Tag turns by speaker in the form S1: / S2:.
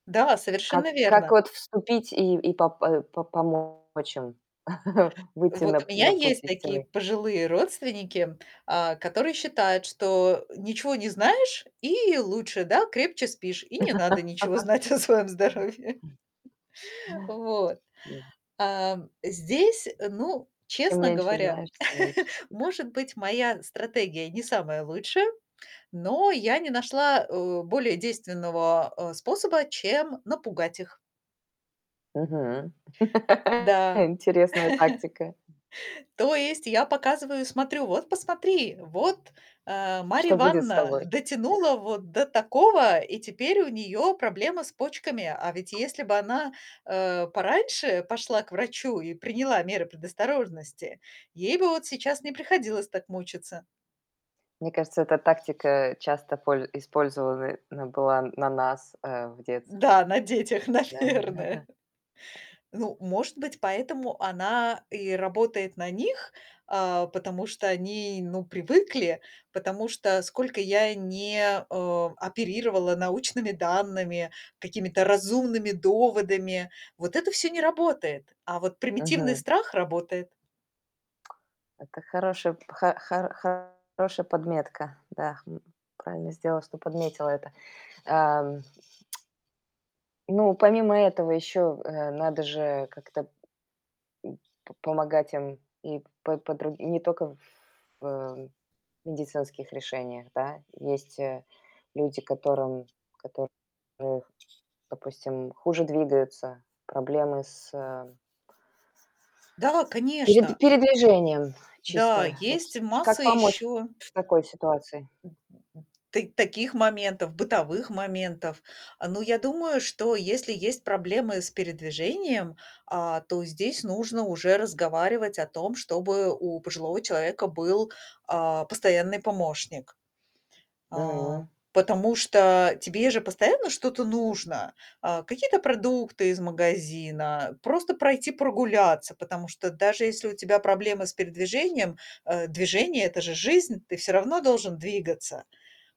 S1: Да,
S2: Как
S1: совершенно
S2: как
S1: верно.
S2: вот вступить и и пом э, по помочь им выйти на
S1: Вот у
S2: п
S1: меня
S2: на путь
S1: есть такие
S2: истинный?
S1: пожилые родственники, а, которые считают, что ничего не знаешь и лучше, да, крепче спишь, и не надо ничего знать о своем здоровье. Вот, эм, здесь, э, ну,
S2: Чем
S1: честно
S2: меньше
S1: говоря,
S2: знаешь, тем лучше спишь.
S1: может быть, моя стратегия не самая лучшая, но я не нашла, э, более действенного, а, способа, чем напугать их.
S2: Мгм.
S1: Да.
S2: Интересная тактика.
S1: То есть я показываю и смотрю: "Вот, посмотри, вот, э, Марья
S2: Что будет с
S1: Ивановна
S2: тобой, да?
S1: дотянула вот до такого, и теперь у неё проблемы с почками. А ведь если бы она, э, пораньше пошла к врачу и приняла меры предосторожности, ей бы вот сейчас не приходилось так мучиться".
S2: Мне кажется, эта тактика часто поль использована она была на нас, э, в детстве,
S1: Да, на детях,
S2: да.
S1: наверное. Ну, может быть, поэтому она и работает на них, а, потому что они, ну, привыкли, потому что, сколько я не, а, оперировала научными данными, какими-то разумными доводами, вот это всё не работает, а вот примитивный
S2: Мгм.
S1: страх работает.
S2: Это хорошая хо хо хорошая подметка. Да, м, правильно сделала, что подметила это. Эм. Ну, помимо этого, ещё, э, надо же как-то, м, по помогать им и по по др не тока в, э, медицинских решениях, да. Есть, э, люди, которым которых Допустим, хуже двигаются, проблемы с
S1: Да,
S2: пере
S1: конечно.
S2: передвижением,
S1: Да,
S2: чисто. Вот
S1: есть
S2: как
S1: масса
S2: помочь
S1: ещё
S2: в такой ситуации?
S1: та таких моментов, бытовых моментов, а, но я думаю, что если есть проблемы с передвижением, а, то здесь нужно уже разговаривать о том, чтобы у пожилого человека был, а, постоянный помощник. А,
S2: М.
S1: потому что тебе же постоянно что-то нужно: а, какие-то продукты из магазина, просто пройти прогуляться, потому что даже если у тебя проблемы с передвижением, э, движение- это же жизнь, ты всё равно должен двигаться.